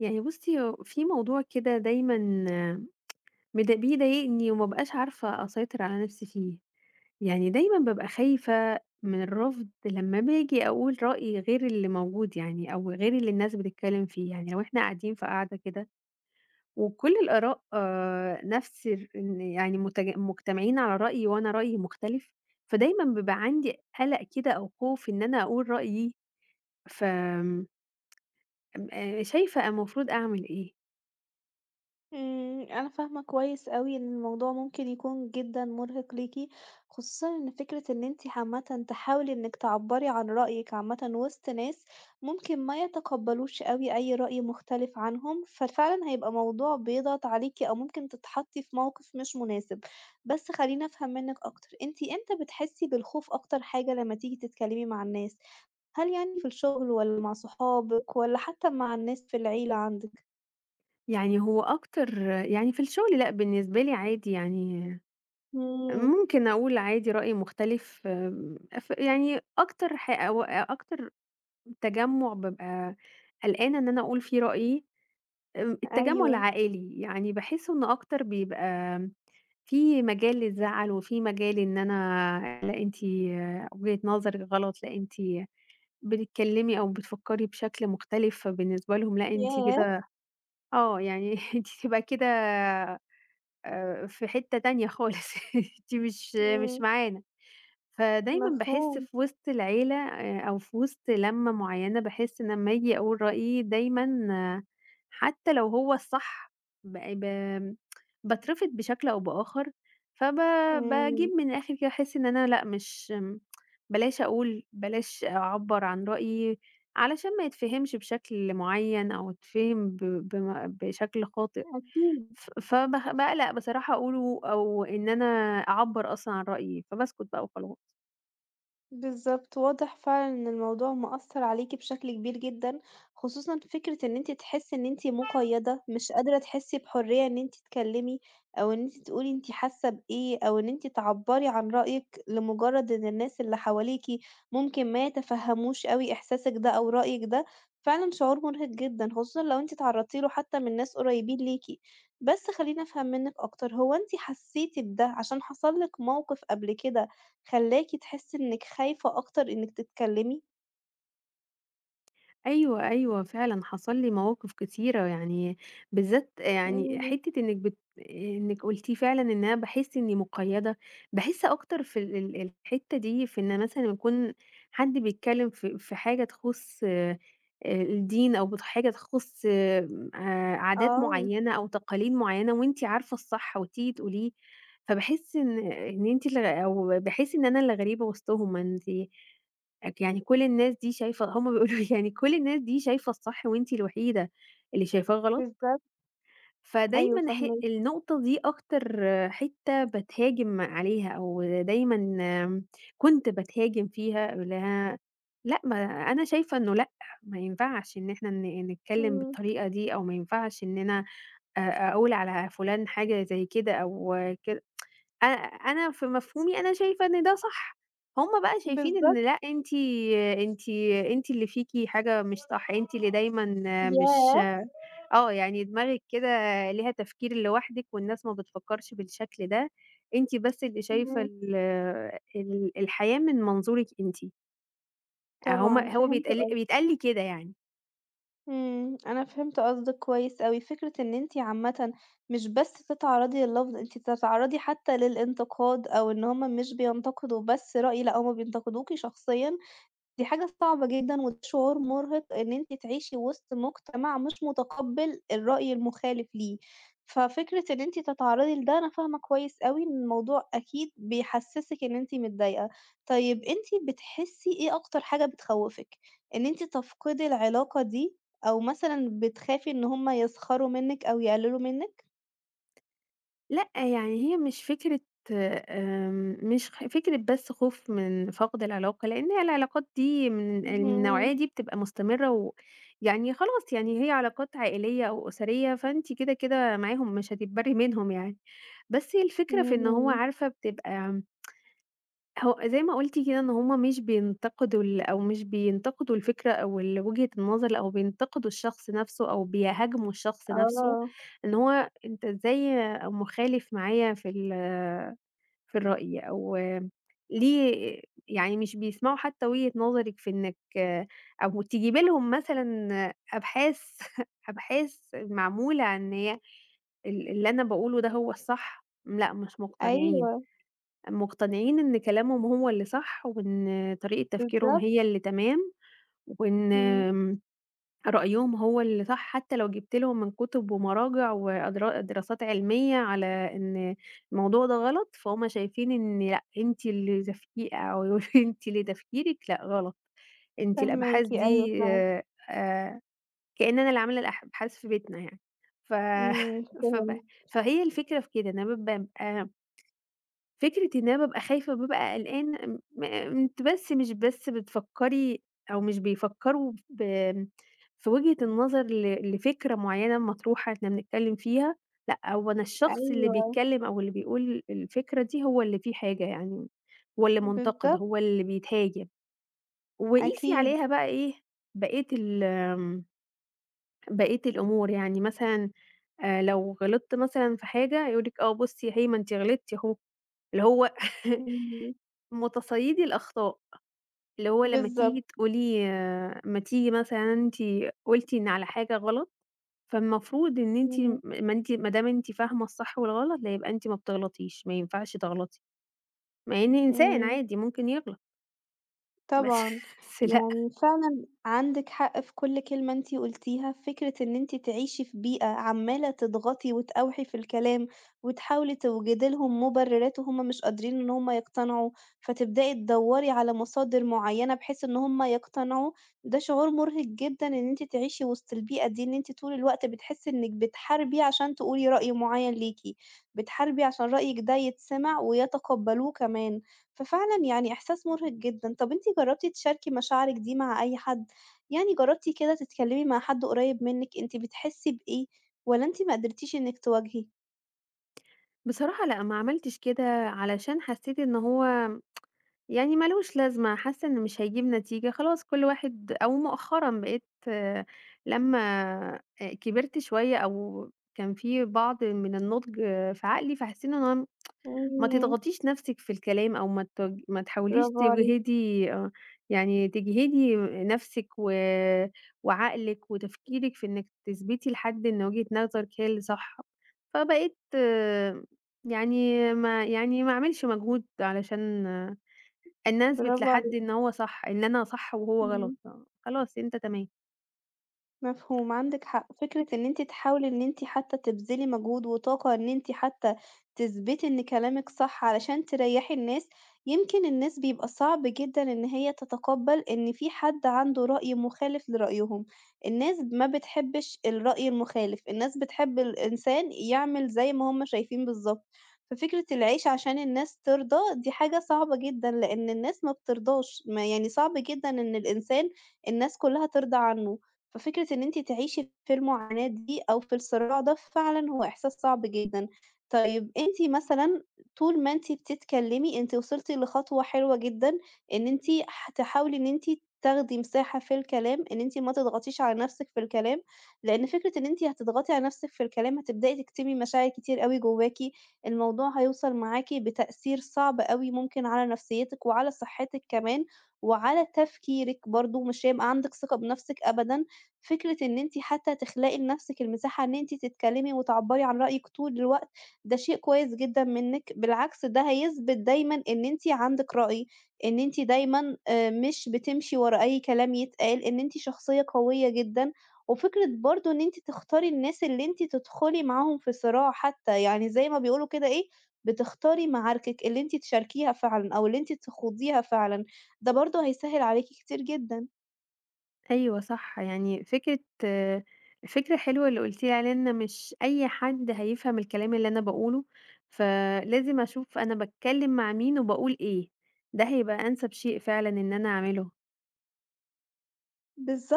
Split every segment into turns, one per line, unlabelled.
يعني بُصي، هو في موضوع كده دايمًا بيض بيضايقني وما بقاش عارفة أسيطر على نفسي فيه. يعني دايمًا بابقى خايفة مِن الرفض لمّا باجي أقول رأي غير اللي موجود يعني أو غير اللي الناس بتتكلم فيه. يعني لو إحنا قاعدين في قعدة كده، وكُل الآراء نفس ال إن يعني متج مُجتمعين على رأي وأنا رأيي مُختلف، فدايمًا بابقى عندي قلق كده أو خوف إن أنا أقول رأيي. ف امم ام آآ شايفة المفروض أعمل إيه؟
امم، أنا فاهمة كويس أوي إن الموضوع ممكن يكون جدًا مُرهق ليكِ، خصوصًا إن فكرة إن أنتِ عامةً تحاولي إنكِ تعبّري عن رأيكِ عامةً وسط ناس ممكن ما يتقبلوش أوي أي رأي مُختلف عنهم، ففعلًا هيبقى موضوع بيضغط عليكِ أو ممكن تتحطي في مَوقِف مش مُناسب. بس خليني أفهم منكِ أكتر، أنتِ امتى بتحسي بالخوف أكتر حاجة لمّا تيجي تتكلمي مع الناس؟ هل يعني في الشُغل والّا مع صحابك والّا حتى مع الناس في العيلة عندكِ؟
يعني هو أكتر يعني في الشُغل لأ، بالنسبة لي عادي يعني
امم.
ممكن أقول عادي رأي مُختلف آمم ف يعني أكتر ح أو أ أكتر تجمُع بابقى قلقانة إن أنا أقول فيه رأيي التجمُع
أيوه.
العائلي، يعني باحس إنه أكتر بيبقى آمم في مجال للزعل وفي مجال إن أنا، لأ أنتِ وجهة نظركِ غلط، لأ أنتِ بتتكلمي أو بتفكري بشكل مُختلف، فبالنسبة لهُم، لأ أنتِ
ياه!
كده آه يعني أنتِ تبقى كده آآ في حتّة تانية خالص، أنتِ مش مش
امم.
معانا، فدايمًا باحس
مفهوم.
في وسط العيلة أ أو في وسط لمّة مُعينة باحس إن أمّا أجي أقول رأيي دايمًا حتى لو هو الصح ب ب باترفض بشكل أو بآخر، فب باجيب
امم.
من الآخر كده باحس إن أنا لأ مش بلاش أقول، بلاش أعبّر عن رأيي علشان ما يتفهِمش بشكل مُعين أو يتفهِم ب بم بشكل خاطئ،
أكيد.
ف فب باقلق بصراحة أقوله أو إن أنا أعبّر أصلًا عن رأيي، فباسكت بقى وخلاص.
بالضبط، واضح فعلًا إن الموضوع مأثّر عليكِ بشكل كبير جدًا، خصوصًا فكرة إن أنتِ تحسي إن أنتِ مُقيّدة، مش قادرة تحسي بحُرية إن أنتِ تكلمي أو إن أنتِ تقولي أنتِ حاسة بإيه أو إن أنتِ تعبّري عن رأيِّك لمُجرد إن الناس اللي حواليكِ ممكن ما يتفَهّموش أوي إحساسِك ده أو رأيِّك ده. فعلًا شعور مُرهق جدًا خصوصًا لو أنتِ اتعرضتِ له حتى مِن ناس قُريبين ليكِ. بس خلّيني أفهّم منِك أكتر، هو أنتِ حسيتِ بده عشان حصل لِك مَوقِف قبل كده خلاكِ تحسي إنِك خايفة أكتر إنِك تتكلمي؟
أيوه، أيوه، فعلًا حصل لي مَواقِف كتيرة، يعني بالذات
حلو
يعني
ده.
حتّة إنِك بت آآ، إنِك قُلتِ فعلًا إن أنا باحس إني مُقيّدة. باحس أكتر في ال ال الحتّة دي في إن مثلًا يكون حد بيتكلم ف في حاجة تخُص الدين أو بت حاجة تخُص عادات
آه.
مُعينة أو تقاليد مُعينة، وأنتِ عارفة الصح وتيجي تقوليه. فباحس إن إن أنتِ ال أو باحس إن أنا الغريبة وسطهُم. أنتِ يعني كُل الناس دي شايفة هُم بيقولوا لي يعني كُل الناس دي شايفة الصح وأنتِ الوحيدة اللي شايفاه غلط؟
بالضبط. أيوه،
فدايمًا ح
فاهماكِ.
النُقطة دي أكتر حتّة بتهاجم عليها أو دايمًا كُنت بتهاجم فيها ل لأ ما أنا شايفة إنه لأ، ما ينفعش إن إحنا ن نتكلم
امم.
بالطريقة دي أو ما ينفعش إننا أ أقول على فُلان حاجة زي كده أو كد أنا أنا في مفهومي أنا شايفة إن ده صح. هُم بقى شايفين إن،
بالضبط.
لأ أنتِ أنتِ أنتِ اللي فيكِ حاجة مش صح. أنتِ اللي دايمًا مش
ياه!
آه يعني دماغكِ كده ليها تفكير لوحدِك والناس ما بتفكّرش بالشكل ده. أنتِ بس اللي شايفة
امم.
ال ال الحياة من منظورِك أنتِ. آه، هُم
طبعًا،
هو
فهمت
بيتق
قصدِك.
بيتقال لي كده يعني.
إمم، أنا فهمت قصدِك كويس أوي، فكرة إن أنتِ عامةً مش بس تتعرّضي لللفظ، أنتِ بتتعرّضي حتى للانتقاد أو إن هُم مش بينتقدوا بس رأي، لأ هُم بينتقدوكِ شخصيًا، دي حاجة صعبة جدًا وشعور مرهق إن أنتِ تعيشي وسط مجتمع مش متقبل الرأي المخالف ليه. ففكرة إن أنتِ تتعرّضي لده أنا فاهمة كويس أوي إن الموضوع أكيد بيحسسِك إن أنتِ متضايقة. طيب أنتِ بتحسي إيه أكتر حاجة بتخوّفك؟ إن أنتِ تفقدي العلاقة دي؟ أو مثلًا بتخافي إن هُم يسخَروا منِك أو يقللوا منِك؟
لأ يعني هي مش فكرة آمم مش خ مش فكرة بس خوف من فقد العلاقة، لإن هي العلاقات دي من النوعية
اهم.
دي بتبقى مستمرة و ويعني خلاص يعني هي علاقات عائلية أو أُسرية، فأنتِ كده كده معاهم مش هتتبرّي منهم يعني. بس هي الفكرة في إن هو
إمم.
عارفة بتبقى هو زَي ما قُلتِ كده إن هُم مش بينتقدوا ال أو مش بينتقدوا الفكرة أو ال وجهة النظر أو بينتقدوا الشخص نَفْسه أو بيهاجموا الشخص نَفْسه،
آه.
إن هو أنت إزاي مخالف معايا في ال آآ في الرأي أو ليه يعني مش بيسمَعوا حتى وجهة نظرِك في إنِك أو تجيبِ لهم مثلًا أبحاث، أبحاث معمولة عن إن هي ال اللي أنا باقوله ده هو الصح، لأ مش مقتنعين.
أيوه.
مقتنعين إن كلامهم هو اللي صح وإن طريقة تفكيرهم
بالضبط.
هي اللي تمام، وإن
إمم.
آمم رأيهم هو اللي صح حتى لو جيبت لهم من كُتب ومراجع وادرا دراسات علمية على إن الموضوع ده غلط، فهُم شايفين إن لأ أنتِ اللي زفتي أو يقولوا لي أنتِ اللي تفكيرِك لأ غلط. أنتِ الأبحاث
فاهماكِ، أيوه
دي،
فاهمة.
آآ كأن أنا اللي عاملة الأح أبحاث في بيتنا يعني. ف
إمم،
فب
فهمت.
فهي الفكرة في كده إن أنا بابقى أنا فكرة إن أنا بابقى خايفة وبابقى قلقانة امم آآ أنتِ بس مش بس بتفكري أو مش بيفكروا بآمم في وجهة النظر ل لفكرة معينة مطروحة إحنا بنتكلم فيها. لأ هو أنا الشخص اللي
أيوه.
بيتكلم أو اللي بيقول الفكرة دي هو اللي فيه حاجة يعني، هو اللي منتقد،
بالضبط.
هو اللي بيتهاجم. وقيسي
أكيد.
عليها بقى إيه بقية ال آمم بقية الأمور. يعني مثلًا آآ لو غلطت مثلًا في حاجة يقول لِك آه بُصي أهي ما إنتِ غِلطتِ أهوه. اللي هو
إمم.
متصيدي الأخطاء. اللي هو لمّا تيجي
بالضبط.
تقولي ما تيجي مثلًا أنتِ قُلتِ إن على حاجة غلط، فالمفروض إن أنتِ م
إمم.
ما إنتِ ما دام أنتِ فاهمة الصح والغلط لأ يبقى أنتِ ما بتغلَطيش، ما ينفعش تغلطي. مع إني إنسان
إمم.
عادي ممكن يغلَط. بس
طبعًا
لأ.
يعني فعلًا عندِك حق في كُلّ كلمة أنتِ قولتيها، فكرة إن أنتِ تعيشي في بيئة عمّالة تضغطي وتأوحي في الكلام، وتحاولي توجدي لهم مبررات، وهُم مش قادرين إن هُم يقتنعوا، فتبدأي تدوّري على مصادر معينة بحيث إن هُم يقتنعوا، ده شعور مرهق جدًا إن أنتِ تعيشي وسط البيئة دي، إن أنتِ طُول الوقت بتحسي إنِك بتحاربي عشان تقولي رأي معين ليكِ، بتحاربي عشان رأيِك ده يتسمِع ويتقبلوه كمان. ففعلًا يعني إحساس مرهق جدًا. طَب أنتِ جربتِ تشاركي مشاعرِك دي مع أي حد؟ يعني جربتِ كده تتكلمي مع حد قريب منِك أنتِ بتحسي بإيه؟ والّا أنتِ ما قدْرتيش إنِك تواجهي؟
بصراحة لأ، ما عملتش كده علشان حسيت إن هو يعني ما لوش لازمة، حاسة إنه مش هيجيب نتيجة، خلاص كُلّ واحد أو مؤخرًا بقيت لمّا آآ كِبرت شوية أو كان في بعض من النضج في عقلي، فحسيت إن أنا ما
إمم.
تضغطيش نَفْسِك في الكلام أو ما تج ما تحاوليش
bravo عليكِ.
تجهِدي آه، يعني تجهِدي نَفْسِك و وعقلِك وتفكيرِك في إنِك تثبْتي لحد إن وجهة نظرِك هي اللي صح. فبقيت يعني ما يعني ما أعملش مجهود علشان إن أنا أثبْت
bravo
لحد
عليكِ.
إن هو صح، إن أنا صح وهو غلط
إمم.
آه. خلاص أنت تمام.
مفهوم، عندِك حق. فكرة إن أنتِ تحاولي إن أنتِ حتى تبذلي مجهود وطاقة إن أنتِ حتى تثبْتي إن كلامِك صح، علشان تريحي الناس، يمْكِن الناس بيبقى صعب جدًا إن هي تتقبل إن فيه حد عنده رأي مخالف لرأيهم. الناس ما بتحبش الرأي المخالف، الناس بتحب الإنسان يعمل زَي ما هُم شايفين بالضبط. ففكرة العيش عشان الناس ترضى دي حاجة صعبة جدًا، لأن الناس ما بترضاش، ما يعني صعب جدًا إن الإنسان الناس كُلّها ترضى عنه. ففكرة إن أنتِ تعيشي في المعاناة دي أو في الصراع ده فعلًا هو إحساس صعب جدًا. طيب أنتِ مثلًا طُول ما أنتِ بتتكلمي، أنتِ وصَلتِ لخطوة حلوة جدًا، إن أنتِ ح تحاولي إن أنتِ تاخدي مساحة في الكلام، إن أنتِ ما تضغطيش على نَفسِك في الكلام لأن فكرة إن أنتِ هتضغطي على نَفْسِك في الكلام هتبدئي تكتمي مشاعر كتير أوي جواكِ، الموضوع هيوصَل معاكِ بتأثير صعب أوي ممكن على نفسيتِك وعلى صحتِك كمان، وعلى تفكيرِك برضه، مش هيبقى عندِك ثقة بنَفْسِك أبدًا. فكرة إن أنتِ حتى تخلقي لنَفْسِك المساحة إن أنتِ تتكلمي وتعبّري عن رأيِك طُول الوقت، ده شيء كويس جدًا منِك، بالعكس ده هيثبْت دايمًا إن أنتِ عندِك رأي، إن أنتِ دايمًا آآ مش بتمشِي ورا أي كلام يتقال، إن أنتِ شخصية قوية جدًا، وفكرة برضه إن أنتِ تختاري الناس اللي أنتِ تدخُلي معاهم في صراع حتى يعني زَي ما بيقولوا كده إيه، بتختاري معاركِك اللي أنتِ تشاركيها فعلًا أو اللي أنتِ تخوضيها فعلًا، ده برضه هيسهل عليكِ كتير جدًا.
أيوه صح، يعني فكرة آآ فكرة حلوة اللي قُلتِ لي عليها إن مش أي حد هيفهَم الكلام اللي أنا باقوله، فلازم أشوف أنا باتكلم مع مين وباقول إيه. ده هيبقى أنسب شيء فعلًا إن أنا أعمله.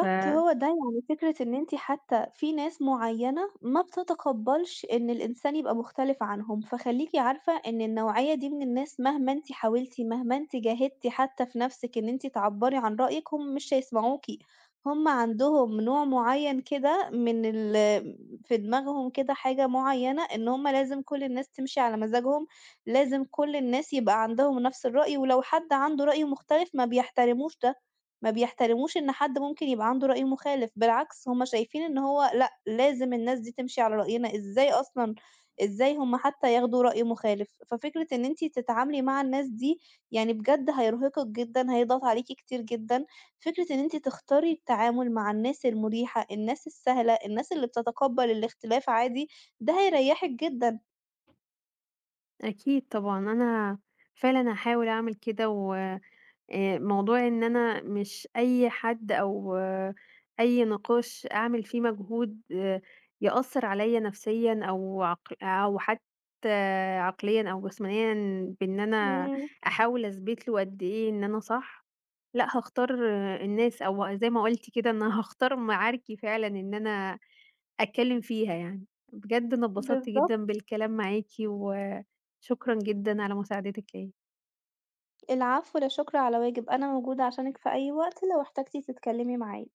ف امم.
هو ده، يعني فكرة إن أنتِ حتى في ناس معينة ما بتتقبلش إن الإنسان يبقى مختلف عنهم، فخلّيكِ عارفة إن النوعية دي من الناس مهما أنتِ حاولتِ، مهما أنتِ جاهدتِ حتى في نَفْسِك إن أنتِ تعبّري عن رأيِِك، هُم مش هيسمَعوكِ. هُم عندهم نوع معين كده من ال في دماغهم كده حاجة معينة، إن هُم لازم كُلّ الناس تمشِي على مزاجهم، لازم كُلّ الناس يبقى عندهم نَفْس الرأي، ولو حد عنده رأي مختلف ما بيحترموش ده، ما بيحترموش إن حد ممكن يبقى عنده رأي مخالف، بالعكس هُم شايفين إن هو لأ لازم الناس دي تمشِي على رأينا إزاي أصلًا، إزاي هُم حتى ياخدوا رأي مخالف. ففكرة إن أنتِ تتعاملي مع الناس دي يعني بجد هيرهقِك جدًا، هيضغط عليكِ كتير جدًا. فكرة إن أنتِ تختاري التعامل مع الناس المُريحة، الناس السهلة، الناس اللي بتتقبل الاختلاف عادي، ده هيريحِك جدًا.
أكيد طبعًا، أنا فعلًا هاحاول أعمل كده، و آآ موضوع إن أنا مش أي حد أو أي نقاش أعمل فيه مجهود يأثر عليّا نفسيًا أو عقل أو حتى عقليًا أو جسمانيًا بإن أنا
إمم.
أحاول أثبْت له قد إيه إن أنا صح. لأ، هاختار الناس أو زَي ما قُلتِ كده إن أنا هاختار معاركي فعلًا إن أنا أتكلم فيها يعني. بجد أنا اتبسطت
بالضبط.
جدًا بالكلام معاكِ، وشكرًا جدًا على مساعدتِك ليّا.
العفو، لا شكر على واجب، أنا موجودة عشانِك في أي وقت لو احتاجتِ تتكلمي معايا.